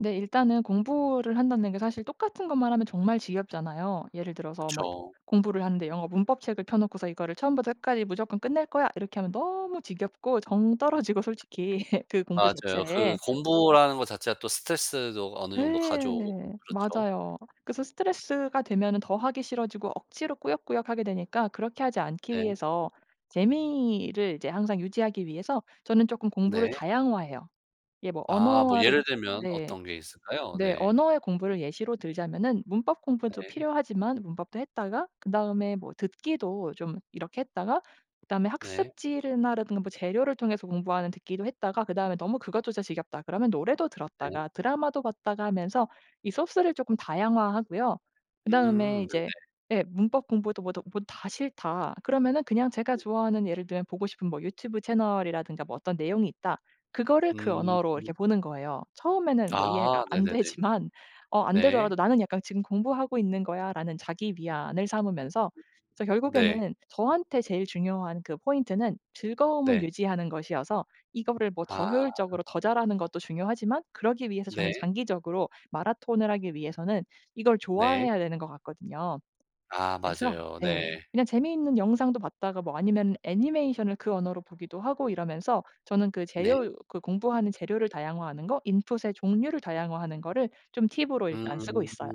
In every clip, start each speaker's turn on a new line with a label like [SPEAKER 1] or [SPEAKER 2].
[SPEAKER 1] 네, 일단은 공부를 한다는 게 사실 똑같은 것만 하면 정말 지겹잖아요. 예를 들어서 뭐
[SPEAKER 2] 그쵸.
[SPEAKER 1] 공부를 하는데 영어 문법 책을 펴 놓고서 '이거를 처음부터 끝까지 무조건 끝낼 거야.' 이렇게 하면 너무 지겹고 정 떨어지고 솔직히 그 공부
[SPEAKER 2] 맞아요. 그
[SPEAKER 1] 자체에.
[SPEAKER 2] 공부라는 거 자체가 또 스트레스도 어느 정도 가져오고
[SPEAKER 1] 네.
[SPEAKER 2] 좀 그렇죠.
[SPEAKER 1] 맞아요. 그래서 스트레스가 되면은 더 하기 싫어지고 억지로 꾸역꾸역 하게 되니까 그렇게 하지 않기
[SPEAKER 2] 네.
[SPEAKER 1] 위해서 재미를 이제 항상 유지하기 위해서 저는 쪼끔 공부를
[SPEAKER 2] 네.
[SPEAKER 1] 다양화해요. 이게 뭐
[SPEAKER 2] 아. 뭐
[SPEAKER 1] 언어를
[SPEAKER 2] 예를 들면
[SPEAKER 1] 네
[SPEAKER 2] 어떤 게 있을까요?
[SPEAKER 1] 네,
[SPEAKER 2] 네.
[SPEAKER 1] 언어의 공부를 예시로 들자면은 문법 공부도
[SPEAKER 2] 네.
[SPEAKER 1] 필요하지만 문법도 했다가 그다음에 뭐 듣기도 좀 이렇게 했다가 그다음에
[SPEAKER 2] 네.
[SPEAKER 1] 학습지를 나 라든가 뭐 재료를 통해서 공부하는 듣기도 했다가 그 다음에 '너무 그것조차 지겹다.' 그러면 노래도
[SPEAKER 2] 네.
[SPEAKER 1] 들었다가 드라마도 봤다가 하면서 이 소스를 조금 다양화하고요. 그 다음에
[SPEAKER 2] 음. 네네.
[SPEAKER 1] 이제 예, '문법 공부도 뭐도 뭐 다 싫다.' 그러면은 그냥 제가
[SPEAKER 2] 네.
[SPEAKER 1] 좋아하는 예를 들면 보고 싶은 뭐 유튜브 채널이라든가 뭐 어떤 내용이 있다 그거를 그
[SPEAKER 2] 음.
[SPEAKER 1] 언어로 이렇게 보는 거예요. 처음에는 뭐 이해가
[SPEAKER 2] 아
[SPEAKER 1] 안
[SPEAKER 2] 네네네.
[SPEAKER 1] 되지만 어 안 되더라도
[SPEAKER 2] 네.
[SPEAKER 1] '나는 약간 지금 공부하고 있는 거야.'라는 자기 위안을 삼으면서. 그래서
[SPEAKER 2] 네.
[SPEAKER 1] 결국에는 저한테 제일 중요한 그 포인트는 즐거움을
[SPEAKER 2] 네.
[SPEAKER 1] 유지하는 것이어서 이거를 뭐 더
[SPEAKER 2] 아.
[SPEAKER 1] 효율적으로 더 잘 하는 것도 중요하지만 그러기 위해서 저는
[SPEAKER 2] 네.
[SPEAKER 1] 장기적으로 마라톤을 하기 위해서는 이걸
[SPEAKER 2] 네.
[SPEAKER 1] 좋아해야 되는 것 같거든요.
[SPEAKER 2] 아
[SPEAKER 1] 그래서
[SPEAKER 2] 맞아요. 네.
[SPEAKER 1] 네, 그냥 재미있는 영상도 봤다가 뭐 아니면 애니메이션을 그 언어로 보기도 하고 이러면서 저는 그
[SPEAKER 2] 네.
[SPEAKER 1] 재료 그 공부하는 재료를 다양화하는 거 input의 종류를 다양화하는 거를 좀 팁으로
[SPEAKER 2] 음.
[SPEAKER 1] 일단 쓰고 있어요.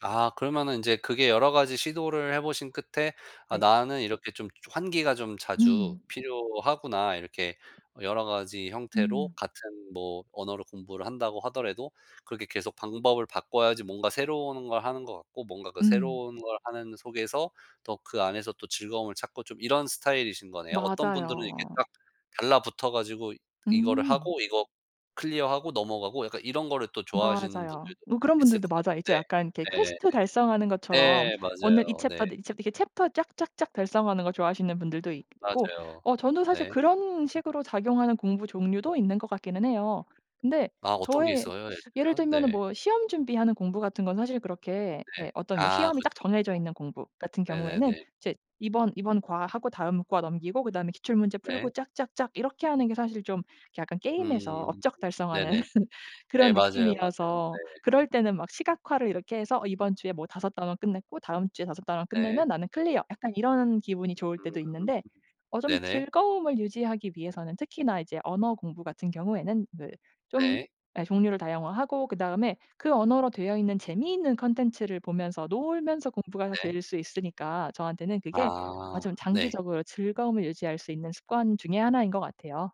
[SPEAKER 2] 아 그러면은 이제 그게 여러 가지 시도를 해 보신 끝에 '아
[SPEAKER 1] 네.
[SPEAKER 2] 나는 이렇게 좀 환기가 좀 자주
[SPEAKER 1] 음.
[SPEAKER 2] 필요하구나.' 이렇게 여러 가지 형태로
[SPEAKER 1] 음.
[SPEAKER 2] 같은 뭐 언어를 공부를 한다고 하더라도 그렇게 계속 방법을 바꿔야지 뭔가 새로운 걸 하는 것 같고 뭔가 그
[SPEAKER 1] 음.
[SPEAKER 2] 새로운 걸 하는 속에서 더 그 안에서 또 즐거움을 찾고 좀 이런 스타일이신 거네요. 어떤 분들은 이렇게
[SPEAKER 1] 맞아요.
[SPEAKER 2] 딱 달라붙어 가지고 이거를
[SPEAKER 1] 음.
[SPEAKER 2] 하고 이거 클리어 하고 넘어가고 약간 이런 거를 또 좋아하시는
[SPEAKER 1] 맞아요.
[SPEAKER 2] 분들도
[SPEAKER 1] 뭐 그런
[SPEAKER 2] 있을
[SPEAKER 1] 분들도
[SPEAKER 2] 것 같은데.
[SPEAKER 1] 맞아요. 이제 약간 이게
[SPEAKER 2] 네.
[SPEAKER 1] 퀘스트 달성하는
[SPEAKER 2] 네.
[SPEAKER 1] 것처럼
[SPEAKER 2] 네,
[SPEAKER 1] 오늘 이
[SPEAKER 2] 맞아요.
[SPEAKER 1] 챕터
[SPEAKER 2] 네.
[SPEAKER 1] 네, 이 챕 이렇게 챕터 쫙쫙쫙 달성하는 거 좋아하시는 분들도 있고.
[SPEAKER 2] 맞아요.
[SPEAKER 1] 어 저는 사실
[SPEAKER 2] 네.
[SPEAKER 1] 그런 식으로 작용하는 공부 종류도 있는 것 같기는 해요. 근데
[SPEAKER 2] 아 어떤 게
[SPEAKER 1] 저의
[SPEAKER 2] 있어요 예를
[SPEAKER 1] 예를
[SPEAKER 2] 들면?
[SPEAKER 1] 들면은
[SPEAKER 2] 네.
[SPEAKER 1] 뭐 시험 준비하는 공부같은 건 사실 그렇게
[SPEAKER 2] 네.
[SPEAKER 1] 예 어떤 뭐
[SPEAKER 2] 아
[SPEAKER 1] 시험이 딱
[SPEAKER 2] 그쵸 그쵸.
[SPEAKER 1] 정해져 있는 공부 같은 경우에는
[SPEAKER 2] 네네네.
[SPEAKER 1] 이제 이번 이번 과 하고 다음 과 넘기고 그 다음에 기출문제 풀고
[SPEAKER 2] 네.
[SPEAKER 1] 쫙쫙쫙 이렇게 하는 게 사실 좀 약간
[SPEAKER 2] 음
[SPEAKER 1] 게임에서 업적 달성하는
[SPEAKER 2] 네네. 네
[SPEAKER 1] 그런
[SPEAKER 2] 맞아요 맞아요
[SPEAKER 1] 느낌이어서
[SPEAKER 2] 네.
[SPEAKER 1] 그럴 때는 막 시각화를 이렇게 해서 '이번 주에 뭐 5 단원 끝냈고 다음 주에 5 단원
[SPEAKER 2] 네.
[SPEAKER 1] 끝내면 나는 클리어.' 약간 이런 기분이 좋을 때도
[SPEAKER 2] 음.
[SPEAKER 1] 있는데 어 좀
[SPEAKER 2] 네네.
[SPEAKER 1] 즐거움을 유지하기 위해서는 특히나 이제 언어 공부 같은 경우에는 네, 좀
[SPEAKER 2] 네.
[SPEAKER 1] 예, 종류를 다양화하고 그 다음에 그 언어로 되어 있는 재미있는 콘텐츠를 보면서 놀면서 공부가
[SPEAKER 2] 네.
[SPEAKER 1] 될 수 있으니까 저한테는 그게 아
[SPEAKER 2] 아
[SPEAKER 1] 좀
[SPEAKER 2] 네.
[SPEAKER 1] 장기적으로 즐거움을 유지할 수 있는 습관 중에 1 인 것 같아요.